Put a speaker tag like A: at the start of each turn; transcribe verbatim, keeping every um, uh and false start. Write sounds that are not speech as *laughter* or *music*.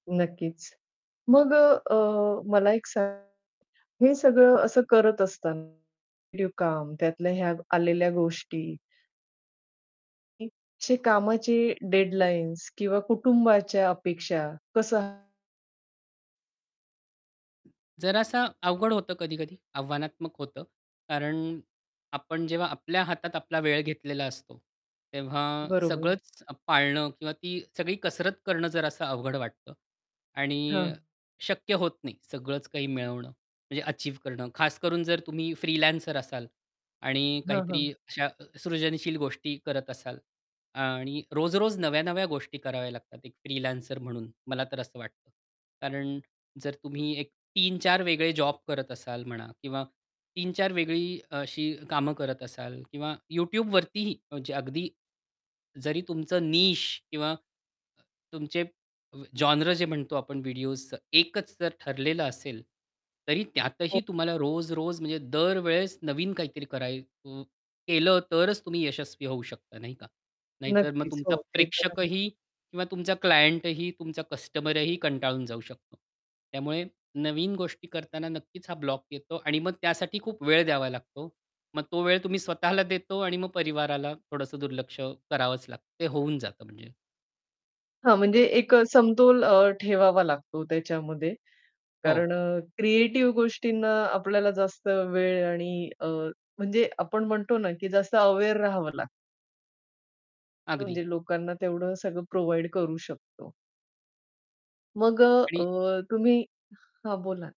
A: नक्कीच. मग अ, अ, मला एक सांग हे सगळं असं करत असताना *unintelligible* काम त्यातल्या ह्या आलेल्या गोष्टी *unintelligible* कामाचे डेडलाईन्स किंवा कुटुंबाच्या अपेक्षा कसं
B: जरासा अवघड होतं कधी-कधी आव्हानात्मक होतं. कारण आपण जेव्हा आपल्या हातात आपला वेळ घेतलेला असतो, तेव्हा
A: बरोबर.
B: सगळंच पाळणं किंवा ती सगळी कसरत करणं जरासं अवघड वाटतं.
A: हां.
B: आणि शक्य होत नाही सगळंच काही मिळवणं म्हणजे अचीव्ह करणं, खासकरून जर तुम्ही फ्रीलॅन्सर असाल आणि
A: हां,
B: काहीतरी
A: हां.
B: अशा सृजनशील गोष्टी करत असाल आणि रोज-रोज नव्या-नव्या गोष्टी कराव्या लागतात. एक फ्रीलॅन्सर म्हणून, मला तर असं वाटतं. कारण जर तुम्ही एक तीन चार वेगळे जॉब करत असाल म्हणा किंवा तीन चार वेगळी अशी कामं करत असाल किंवा YouTubeवरतीही म्हणजे अगदी जरी तुमचं निश किंवा तुमचे अ, जोनरं जे म्हणतो आपण व्हिडिओसचं, एकच जर ठरलेलं असेल, तरी त्यातही तुम्हाला रोज-रोज म्हणजे दरवेळेस नवीन काहीतरी कराय अ, केलं तरच तुम्ही यशस्वी होऊ शकता, नाही का? नाहीतर मग
A: नक्कीच
B: तुमचा
A: हो, ते तर आहे.
B: प्रेक्षकही किंवा तुमचा क्लायंटही, तुमचा कस्टमरही कंटाळून जाऊ शकतो. त्यामुळे नवीन गोष्टी करताना नक्कीच हा ब्लॉक येतो आणि मग त्यासाठी खूप वेळ द्यावा लागतो. मग तो वेळ तुम्ही स्वतःला देता आणि मग परिवाराला थोडंसं दुर्लक्ष करावंच लागतं. ते होऊन जातं म्हणजे.
A: हां, म्हणजे एक अ, समतोल अ, ठेवावा लागतो त्याच्यामध्ये
B: हो.
A: कारण अ, क्रिएटिव्ह गोष्टींना आपल्याला जास्त वेळ आणि अ, म्हणजे आपण म्हणतो ना, की जास्त अवेअर राहावं लाग
B: अगदी.
A: म्हणजे लोकांना तेवढं सगळं प्रोव्हाईड करू शकतो. मग अ,
B: आणि
A: अ, तुम्ही हां, बोला.